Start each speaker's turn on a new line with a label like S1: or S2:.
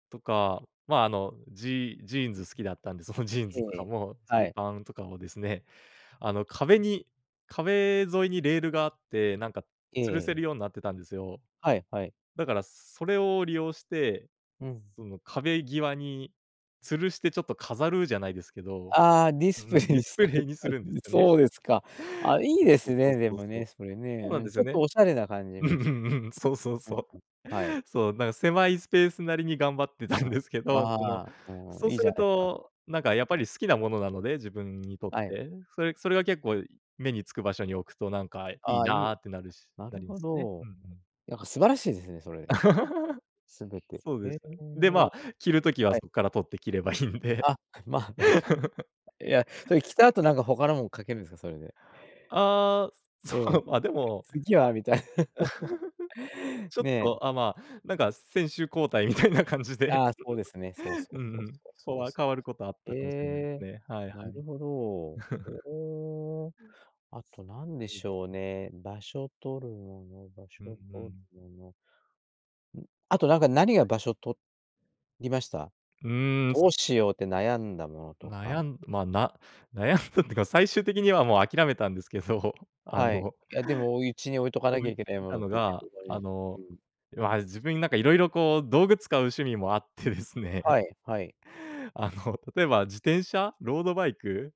S1: とか、まあ、あの、ジジーンズ好きだったんで、そのジーン
S2: え
S1: ズとか
S2: え、
S1: も、ジ
S2: は
S1: ー
S2: い。
S1: パンとかをですね、あの、壁に壁沿いにレールがあって、なんか、
S2: え
S1: 吊るせ
S2: え。
S1: るようになってたんですよ。
S2: はいはい。
S1: だからそれを利用して、
S2: うん。
S1: その壁際に吊るして、ちょっと飾るじゃないですけど、
S2: ああ、ディ
S1: うう
S2: スプレ
S1: ん、
S2: イ
S1: ディ
S2: に
S1: ス
S2: さ
S1: プレ
S2: れ
S1: イ
S2: て
S1: にす
S2: たん
S1: るんで
S2: で。
S1: すよね。
S2: そうですか。ああ、い
S1: そ
S2: い
S1: う
S2: です
S1: そうそう
S2: ね、で
S1: そう
S2: も
S1: そ
S2: ね、
S1: う。
S2: それね。
S1: そうなん
S2: うん、
S1: です
S2: ちょ
S1: よ
S2: っと
S1: ね。
S2: おしゃれな感じ
S1: う
S2: も
S1: んう
S2: して。
S1: んうん、そうそう
S2: うんうん。
S1: そう。
S2: はい。
S1: そう、なんか、狭いスペースなりに頑張ってた
S2: うん。
S1: んですけど、その、
S2: ああ、も
S1: そ
S2: う、
S1: う
S2: いい
S1: す
S2: じゃ
S1: る
S2: ないすか。
S1: と、なんか、やっぱ
S2: [unintelligible]
S1: り好きなものなので、自分にとっ
S2: はい。
S1: て。それそれが結構目に付く場所に置くと、なんか、い
S2: あ
S1: い
S2: あ、いい。
S1: なってなるし
S2: な
S1: な
S2: る
S1: るん
S2: ほ
S1: すね。
S2: ど。
S1: ふ
S2: ん、
S1: ん、うん。
S2: なんか素晴らしいですね、それ。すべて。
S1: そう
S2: へ
S1: で
S2: え。
S1: すね。で、ま、着る時は
S2: はい。
S1: そっから取って着ればいいんで。
S2: あ、まあ、確かいや、それ着た後なんか他のもん掛けるんですか？それで。
S1: ああ、
S2: え
S1: そ
S2: え。
S1: う、ま、でも、
S2: 次は、みたい
S1: ちょっ
S2: ね。
S1: と、あ、まあ、なんか先守交代みたいな感じで。
S2: ああ、そうですね。そうそ
S1: う
S2: う
S1: ん
S2: そう
S1: うん。
S2: そう、
S1: そこ
S2: そう
S1: は
S2: す。
S1: 変わることはあっ
S2: へ
S1: たかもしれないで
S2: え、
S1: すね、はい
S2: な
S1: はい。
S2: るほど。お、ええ。あとなんで
S1: そうで
S2: し
S1: す
S2: ょう
S1: ね。
S2: ね、場所取るもの、場
S1: うんう
S2: 所取
S1: ん。
S2: るの。ん、あと、なんか、何が
S1: はい。
S2: 場所取りました？
S1: うーん。す
S2: どうしようって悩んだものとか。
S1: 悩んま、な悩んだってか、最終的にはもう諦めたんですけど、あ
S2: はい。
S1: の
S2: いや、でもお家に置いとか
S1: こ
S2: な
S1: う
S2: きゃ
S1: 言っ
S2: いけない
S1: て
S2: も
S1: た
S2: のっ
S1: の
S2: てね、
S1: が、
S2: 普段
S1: あの、
S2: うん。
S1: まあ、自分に、なんか、色々、こう、道具使う趣味もあってですね。
S2: はいはい。
S1: あの、例えば自転車、ロードバイク。